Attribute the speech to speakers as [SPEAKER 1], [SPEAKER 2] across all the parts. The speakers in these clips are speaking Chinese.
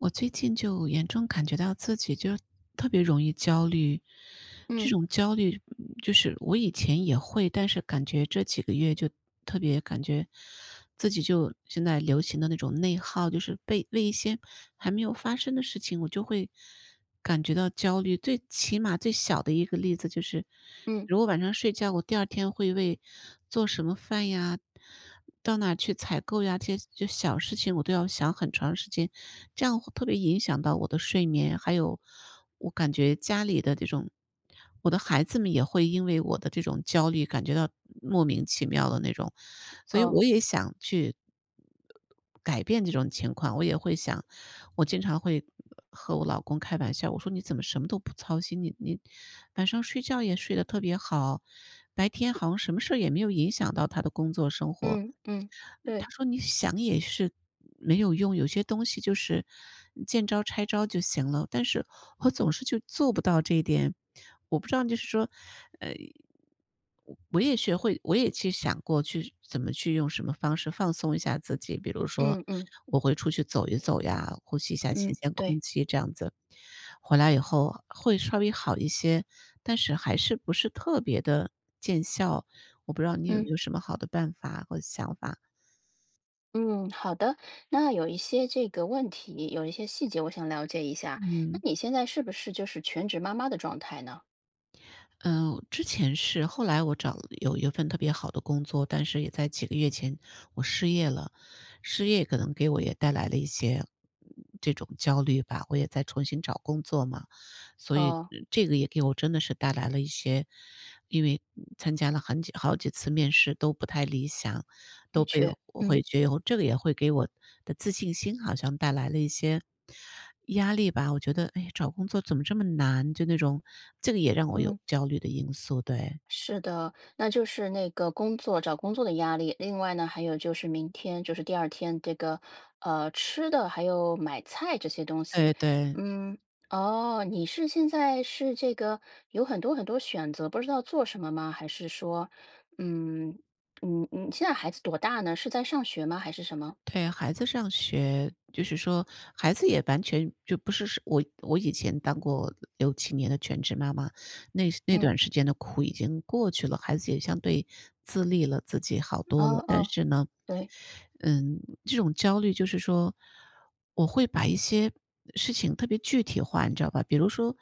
[SPEAKER 1] 我最近就严重感觉到自己就特别容易焦虑，这
[SPEAKER 2] 嗯。
[SPEAKER 1] 种焦虑嗯，就是我以前也会，但是感觉这几个月就特别感觉自己就现在流行的那种内耗，就是被被一些还没有发生的事情，我就会感觉到焦虑。最起码最小的一个例子，就是
[SPEAKER 2] 嗯。
[SPEAKER 1] 如果晚上睡觉，我第2天会为做什么饭呀，到哪儿去采购呀，这些这些小事情，我都要想很长时间，这样会特别影响到我的睡眠。还有，我感觉家里的这种我的孩子们也会因为我的这种焦虑，感觉到莫名其妙的那种。所以
[SPEAKER 2] 哦。
[SPEAKER 1] 我也想去，呃改变这种情况。我也会想我经常会，呃和我老公开玩笑，我说：“你怎么什么都不操心？你你晚上睡觉也睡得特别好。”白天好像什么事儿也没有影响到他的工作生活。
[SPEAKER 2] 嗯，嗯，
[SPEAKER 1] 他
[SPEAKER 2] 对。
[SPEAKER 1] 说：“你想也是没有用，有些东西就是嗯，见招拆招就行了。”但是，我总是就做不到这一点。我不知道就是说呃，嗯，我也学会我也其实想过去怎么去用什么方式放松一下自己，比如说，
[SPEAKER 2] 嗯嗯。
[SPEAKER 1] 我会出去走一走呀，呼吸一下新
[SPEAKER 2] 嗯，
[SPEAKER 1] 鲜
[SPEAKER 2] 对。
[SPEAKER 1] 空气这样子。回来以后，会稍微好一些，但是还是不是特别地见效。我不知道你有没
[SPEAKER 2] 嗯。
[SPEAKER 1] 有什么好的办法和想法？
[SPEAKER 2] 嗯，好的，那有一些这个问题，有一些细节，我想了解一下。那
[SPEAKER 1] 嗯。
[SPEAKER 2] 你现在是不是就是全职妈妈的状态呢？
[SPEAKER 1] 嗯，之前是，后来我找了有一份特别好的工作，但是也在几个月前我失业了。失业可能给我也带来了一些，这种焦虑吧，我也在重新找工作嘛。所以
[SPEAKER 2] 哦。
[SPEAKER 1] 这个也给我真的是带来了一些因为参加了很久好几次面试都不太理想，
[SPEAKER 2] 的
[SPEAKER 1] 都被
[SPEAKER 2] 确，
[SPEAKER 1] 我会
[SPEAKER 2] 嗯。
[SPEAKER 1] 觉得，这个也会给我的自信心好像带来了一些压力吧，我觉得，唉，找工作怎么这么难，就那种这个也让我有
[SPEAKER 2] 嗯。
[SPEAKER 1] 焦虑的因素，对。
[SPEAKER 2] 是的，那就是那个工作找工作的压力。另外呢，还有就是明天就是第2天，这个，呃，吃的还有买菜这些东西。
[SPEAKER 1] 对对。
[SPEAKER 2] 嗯，哦，你是现在是这个有很多很多选择，不知道做什么吗？还是说，嗯，嗯，嗯现在孩子多大呢？是在上学吗？还是什么？
[SPEAKER 1] 对，孩子上学。就是说孩子也完全就不是我我以前当过6，7年的全职妈妈，那那
[SPEAKER 2] 嗯。
[SPEAKER 1] 段时间的苦已经过去了，孩子也相对自立了，自己好多
[SPEAKER 2] 哦
[SPEAKER 1] 了，但
[SPEAKER 2] 哦，
[SPEAKER 1] 是呢，
[SPEAKER 2] 对。
[SPEAKER 1] 嗯，这种焦虑就是说，我会把一些事情特别具体化，你知道吧？比如说，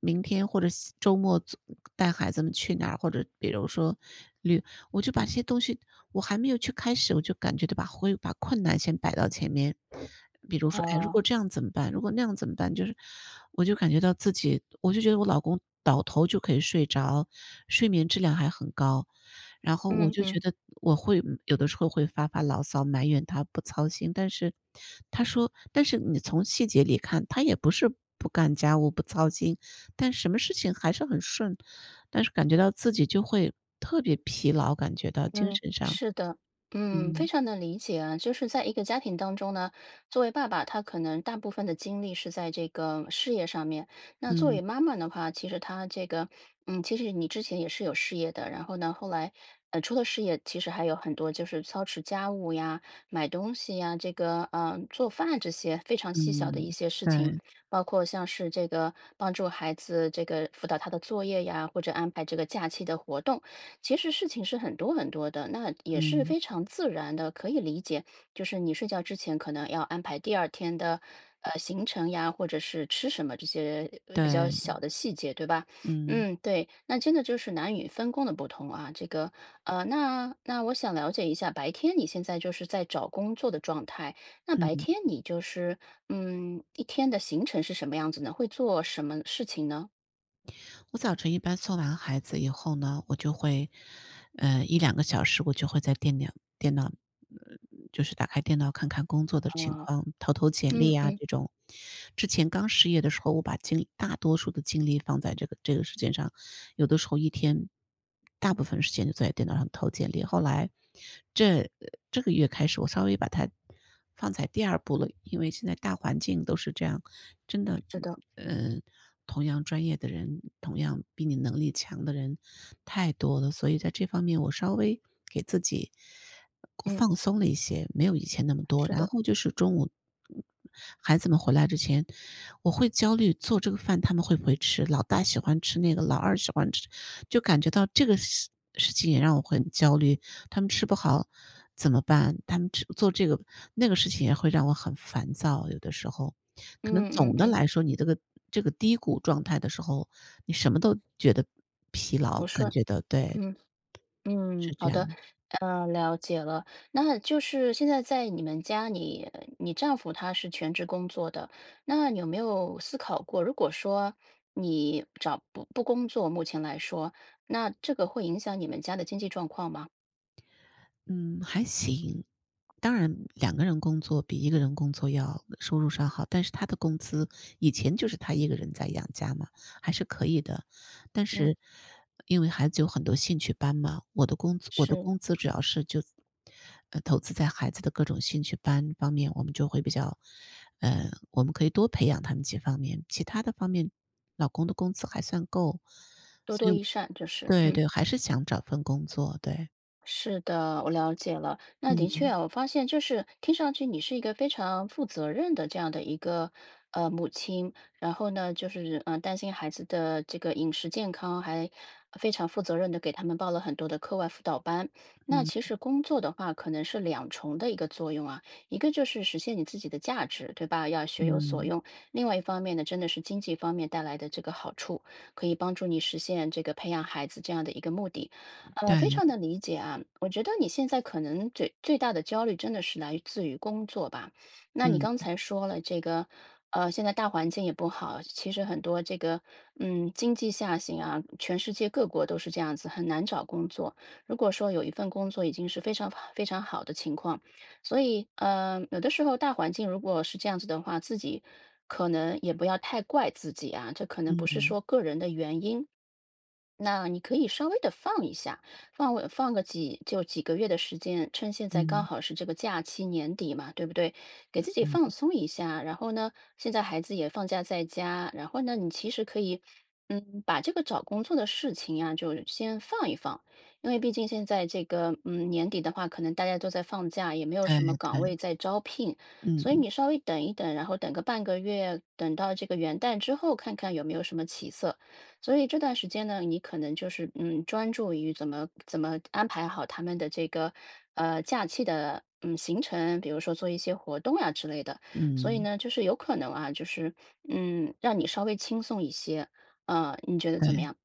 [SPEAKER 1] 明天或者下周末，总带孩子们去哪儿，或者比如说旅我就把这些东西我还没有去开始，我就感觉到把会把困难先摆到前面。比如说，哎，如果
[SPEAKER 2] 哦。
[SPEAKER 1] 这样怎么办？如果那样怎么办？就是我就感觉到自己我就觉得我老公倒头就可以睡着，睡眠质量还很高。然后我
[SPEAKER 2] 嗯
[SPEAKER 1] 就
[SPEAKER 2] 嗯。
[SPEAKER 1] 觉得我会有的时候会发发牢骚埋怨他不操心，但是他说但是你从细节里看，他也不是不干家务不操心，但什么事情还是很顺，但是感觉到自己就会特别疲劳，感觉到精
[SPEAKER 2] 嗯，
[SPEAKER 1] 神上，
[SPEAKER 2] 是的。嗯，非
[SPEAKER 1] 嗯。
[SPEAKER 2] 常能理解啊。就是在一个家庭当中呢，作为爸爸，他可能大部分的精力是在这个事业上面。那作
[SPEAKER 1] 嗯。
[SPEAKER 2] 为妈妈的话，其实她这个嗯，其实你之前也是有事业的，然后呢，那后来，呃，除了事业其实还有很多就是操持家务呀，买东西呀，这个，呃，做饭这些非常细小的
[SPEAKER 1] 嗯，
[SPEAKER 2] 一些事情。
[SPEAKER 1] 对。
[SPEAKER 2] 包括像是这个帮助孩子这个辅导他的作业呀，或者安排这个假期的活动，其实事情是很多很多的，那也是
[SPEAKER 1] 嗯。
[SPEAKER 2] 非常自然的，可以理解，就是你睡觉之前可能要安排第2天的，呃，行程呀，或者是吃什么，这些比较小
[SPEAKER 1] 对。
[SPEAKER 2] 的细节，对吧？
[SPEAKER 1] 嗯。
[SPEAKER 2] 嗯，对，那真的就是男女分工的不同啊。这个，呃，那那我想了解一下，白天你现在就是在找工作的状态，那白
[SPEAKER 1] 嗯。
[SPEAKER 2] 天你就是，嗯，一天的行程是什么样子呢？会做什么事情呢？
[SPEAKER 1] 我早晨一般送完孩子以后呢，我就会，呃，1，2个小时我就会在电脑电脑呃，就是打开电脑看看工作的情
[SPEAKER 2] 啊，
[SPEAKER 1] 况，投投简
[SPEAKER 2] 嗯
[SPEAKER 1] 历啊
[SPEAKER 2] 嗯。
[SPEAKER 1] 这种，之前刚失业的时候，我把精力大多数的精力放在这个这个事情上，有的时候一天大部分时间就坐在电脑上投简历，后来这这个月开始，我稍微把它放在第2步了，因为现在大环境都是这样，真的，
[SPEAKER 2] 知道。
[SPEAKER 1] 呃，同样专业的人，同样比你能力强的人太多了，所以在这方面我稍微给自己
[SPEAKER 2] 嗯。
[SPEAKER 1] 放松了一些，没有以前那么多，
[SPEAKER 2] 是
[SPEAKER 1] 然
[SPEAKER 2] 的。
[SPEAKER 1] 后就是中午，孩子们回来之前我会焦虑做这个饭，他们会不会吃，老大喜欢吃那个老二喜欢吃就感觉到这个事事情也让我很焦虑，他们吃不好怎么办？他们只做这个那个事情也会让我很烦躁，有的时候，可能
[SPEAKER 2] 嗯嗯
[SPEAKER 1] 总的
[SPEAKER 2] 嗯。
[SPEAKER 1] 来说，你这个这个低谷状态的时候，你什么都觉得疲
[SPEAKER 2] 不
[SPEAKER 1] 劳，感
[SPEAKER 2] 顺，
[SPEAKER 1] 觉到，对。
[SPEAKER 2] 嗯，嗯，
[SPEAKER 1] 是这
[SPEAKER 2] 好
[SPEAKER 1] 样。
[SPEAKER 2] 的，呃，了解了。那就是现在在你们家里，你丈夫他是全职工作的，那有没有思考过，如果说你找不不工作目前来说，那这个会影响你们家的经济状况吗？
[SPEAKER 1] 嗯，还行。当然两个人工作比一个人工作要收入上好，但是他的工资以前就是他一个人在养家嘛，还是可以的。但
[SPEAKER 2] 嗯。
[SPEAKER 1] 是因为孩子有很多兴趣班嘛，我的工资我的
[SPEAKER 2] 是。
[SPEAKER 1] 工资主要是就，呃投资在孩子的各种兴趣班方面，我们就会比较，呃我们可以多培养他们几方面。其它的方面，老公的工资还算够。
[SPEAKER 2] 多
[SPEAKER 1] 所
[SPEAKER 2] 多
[SPEAKER 1] 以
[SPEAKER 2] 益善，就是，
[SPEAKER 1] 对
[SPEAKER 2] 嗯。
[SPEAKER 1] 对，还是想找份工作，对。
[SPEAKER 2] 是的，我了解了。那的确
[SPEAKER 1] 嗯。
[SPEAKER 2] 哦，我发现就是听上去你是一个非常负责任的这样的一个呃，母亲。然后呢就是呃，担心孩子的这个饮食健康，还非常负责任地给他们报了很多的课外辅导班。那
[SPEAKER 1] 嗯。
[SPEAKER 2] 其实工作的话可能是2重的一个作用啊。一个就是实现你自己的价值，对吧？要学有所
[SPEAKER 1] 嗯。
[SPEAKER 2] 用。另外一方面呢，真的是经济方面带来的这个好处，可以帮助你实现这个培养孩子这样的一个目的，呃，非
[SPEAKER 1] 对。
[SPEAKER 2] 常能理解啊。我觉得，你现在可能嘴最大的焦虑真的是来自于工作吧，那你
[SPEAKER 1] 嗯。
[SPEAKER 2] 刚才说了这个呃，现在大环境也不好，其实很多这个，嗯，经济下行啊全世界各国都是这样子，很难找工作。如果说有一份工作，已经是非常非常好的情况，所以呃，有的时候，大环境如果是这样子的话，自己可能也不要太怪自己啊，这可能不是
[SPEAKER 1] 嗯。
[SPEAKER 2] 说个人的原因。那你可以稍微地放一下，放个放个几就几个月的时间，趁现在刚
[SPEAKER 1] 嗯。
[SPEAKER 2] 好是这个假期年底嘛，对不对？给自己放
[SPEAKER 1] 嗯。
[SPEAKER 2] 松一下，然后呢，现在孩子也放假在家然后呢，你其实可以，嗯，把这个找工作的事情啊就先放一放。因为毕竟现在这个，嗯，年底的话，可能大家都在放假，也没有
[SPEAKER 1] 对
[SPEAKER 2] 什么岗
[SPEAKER 1] 对。
[SPEAKER 2] 位在招聘。所以
[SPEAKER 1] 嗯。
[SPEAKER 2] 你稍微等一等，然后等个半个月，等到这个元旦之后看看有没有什么起色。所以这段时间呢，你可能就是，嗯，专注于怎么怎么安排好他们的这个，呃，假期的，嗯行程。比如说做一些活动啊之类的，所以
[SPEAKER 1] 嗯。
[SPEAKER 2] 呢就是有可能啊就是，嗯，让你稍微轻松一些，呃，你觉得怎么
[SPEAKER 1] 对，
[SPEAKER 2] 样？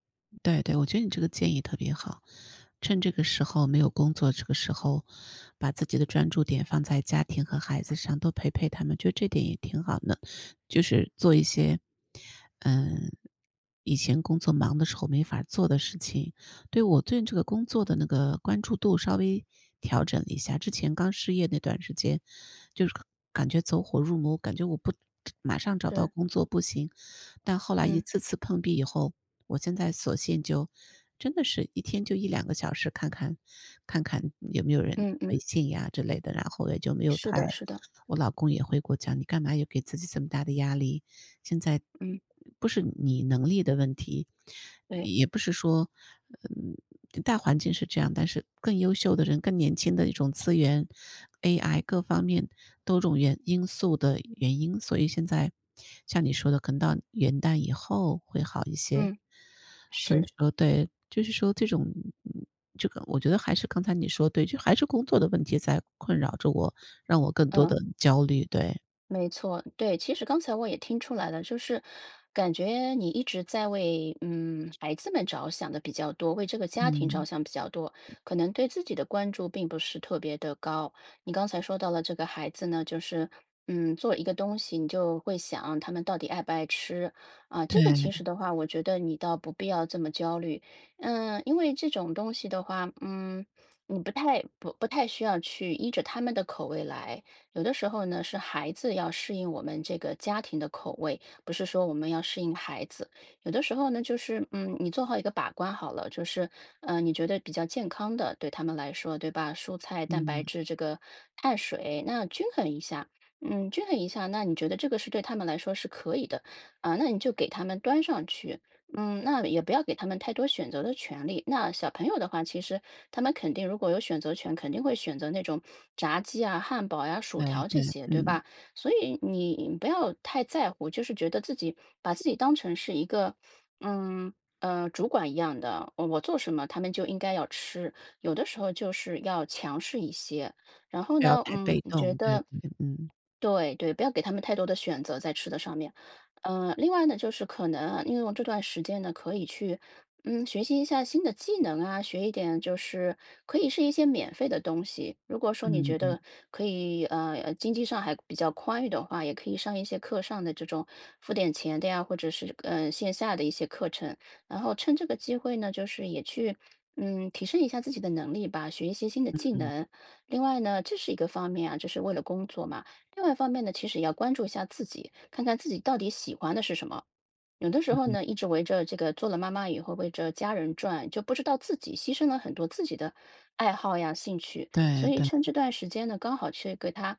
[SPEAKER 1] 对对。我觉得你这个建议特别好。趁这个时候没有工作，这个时候把自己的专注点放在家庭和孩子上，多陪陪他们，就这点也挺好的。就是做一些，呃，以前工作忙的时候没法儿做的事情，对我对这个工作的那个关注度稍微调整一下。之前刚失业那段时间，就是感觉走火入魔，感觉我不马上找到
[SPEAKER 2] 是。
[SPEAKER 1] 工作不行。但后来一
[SPEAKER 2] 嗯。
[SPEAKER 1] 次次碰壁以后，我现在索性就真的是一天就1-2个小时看看看看有没有人
[SPEAKER 2] 嗯
[SPEAKER 1] 微
[SPEAKER 2] 嗯。
[SPEAKER 1] 信呀之类的。然后也就没有
[SPEAKER 2] 是
[SPEAKER 1] 太
[SPEAKER 2] 的是的。
[SPEAKER 1] 我老公也会给我讲：“你干嘛要给自己这么大的压力？现在嗯
[SPEAKER 2] 嗯。
[SPEAKER 1] 嗯不是你能力的问题，
[SPEAKER 2] 对。
[SPEAKER 1] 也不是说，嗯大环境是这样，但是更优秀的人，更年轻的一种资源，AI 各方面多种原因素的原因。“所以现在像你说的，可能到元旦以后会好一些。
[SPEAKER 2] 嗯，
[SPEAKER 1] 所以
[SPEAKER 2] 是。
[SPEAKER 1] 说对，就是说这种嗯嗯这个我觉得还是刚才你说的对，就还是工作的问题在困扰着我，让我更多
[SPEAKER 2] 嗯。
[SPEAKER 1] 地焦虑，对。
[SPEAKER 2] 没错，对。其实刚才我也听出来了，就是感觉你一直在为，嗯，孩子们着想地比较多，为这个家庭着
[SPEAKER 1] 嗯。
[SPEAKER 2] 想比较多，可能对自己的关注并不是特别地高。你刚才说到了这个孩子呢就是，嗯，做一个东西，你就会想他们到底爱不爱吃？啊，这个其实
[SPEAKER 1] 对。
[SPEAKER 2] 的话，我觉得你倒不必要这么焦虑。嗯，因为这种东西的话嗯，你不太不不太需要去依着他们的口味来，有的时候呢是孩子要适应我们这个家庭的口味，不是说我们要适应孩子。有的时候呢，就是，嗯，你做好一个把关好了，就是，呃，你觉得比较健康的对他们来说，对吧？蔬菜、蛋白
[SPEAKER 1] 嗯。
[SPEAKER 2] 质这个碳水，那均衡一下，嗯，均衡一下，那你觉得这个是对他们来说是可以的，啊，那你就给他们端上去。嗯，那也不要给他们太多选择的权利，那小朋友的话，其实他们肯定如果有选择权，肯定会选择那种炸鸡啊、汉堡呀、薯
[SPEAKER 1] 对
[SPEAKER 2] 条这
[SPEAKER 1] 对，
[SPEAKER 2] 些，对
[SPEAKER 1] 嗯。
[SPEAKER 2] 吧？所以你不要太在乎，我就是觉得自己把自己当成是一个，嗯，呃，主管一样的，我我做什么他们就应该要吃。有的时候就是要强势一些，然后
[SPEAKER 1] 不要
[SPEAKER 2] 呢，
[SPEAKER 1] 太
[SPEAKER 2] 嗯，
[SPEAKER 1] 被
[SPEAKER 2] 我觉
[SPEAKER 1] 动，对
[SPEAKER 2] 得
[SPEAKER 1] 对，嗯。
[SPEAKER 2] 对对，不要给他们太多的选择在吃的上面。呃，另外呢，就是可能啊利用这段时间呢可以去，嗯，学习一下新的技能啊，学一点就是可以是一些免费的东西。如果说你
[SPEAKER 1] 嗯
[SPEAKER 2] 觉
[SPEAKER 1] 嗯。
[SPEAKER 2] 得可以，呃，呃经济上还比较宽裕的话，也可以上一些课上的这种付点钱的呀，或者是，呃，线下的一些课程。然后趁这个机会呢，就是也去，嗯，提升一下自己的能力吧，学一些新的
[SPEAKER 1] 嗯
[SPEAKER 2] 技
[SPEAKER 1] 嗯。
[SPEAKER 2] 能。另外呢这是一个方面啊，这是为了工作嘛。另外一方面呢，其实要关注一下自己，看看自己到底喜欢的是什么？有的时
[SPEAKER 1] 嗯
[SPEAKER 2] 候
[SPEAKER 1] 嗯。
[SPEAKER 2] 呢，一直围着这个做了妈妈以后，围着家人转，就不知道自己牺牲了很多自己的爱好呀、兴趣，所
[SPEAKER 1] 对
[SPEAKER 2] 以
[SPEAKER 1] 对。
[SPEAKER 2] 趁这段时间呢，刚好去给它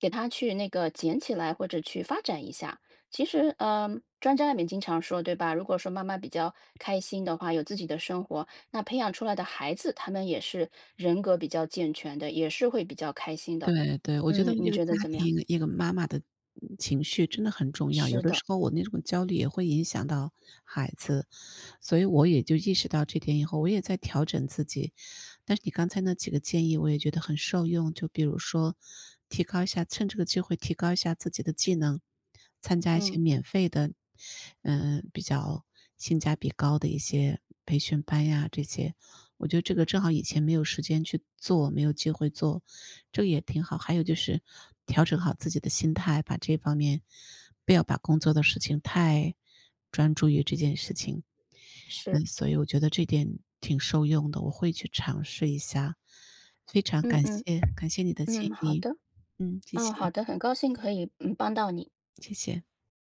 [SPEAKER 2] 给它去那个捡起来或者去发展一下。其实，呃，专家里面经常说对吧：“如果说妈妈比较开心的话，有自己的生活，那培养出来的孩子他们也是人格比较健全的，也是会比较开心的。”
[SPEAKER 1] 对对。我觉
[SPEAKER 2] 嗯，
[SPEAKER 1] 得
[SPEAKER 2] 你
[SPEAKER 1] 一个
[SPEAKER 2] 觉得
[SPEAKER 1] 家
[SPEAKER 2] 怎么样？
[SPEAKER 1] 庭，一个妈妈的嗯情绪真的很重要。有
[SPEAKER 2] 是
[SPEAKER 1] 的
[SPEAKER 2] 的。
[SPEAKER 1] 时候我那种焦虑也会影响到孩子，所以我也就意识到这点以后我也在调整自己。但是你刚才那几个建议我也觉得很受用。就比如说提高一下趁这个机会提高一下自己的技能，参加一些
[SPEAKER 2] 嗯。
[SPEAKER 1] 免费的，呃，比较性价比高的一些培训班呀这些。我觉得这个正好以前没有时间去做、没有机会做，这也挺好。还有就是调整好自己的心态，把这方面不要把工作的事情太专注于这件事情。
[SPEAKER 2] 是。
[SPEAKER 1] 嗯，所以我觉得这点挺受用的，我会去尝试一下。非常
[SPEAKER 2] 嗯
[SPEAKER 1] 感
[SPEAKER 2] 嗯，
[SPEAKER 1] 谢，感谢你的建
[SPEAKER 2] 嗯，好
[SPEAKER 1] 议。
[SPEAKER 2] 的。
[SPEAKER 1] 嗯，谢
[SPEAKER 2] 嗯，好
[SPEAKER 1] 谢。
[SPEAKER 2] 的。很高兴可以嗯，帮到你。
[SPEAKER 1] 谢谢。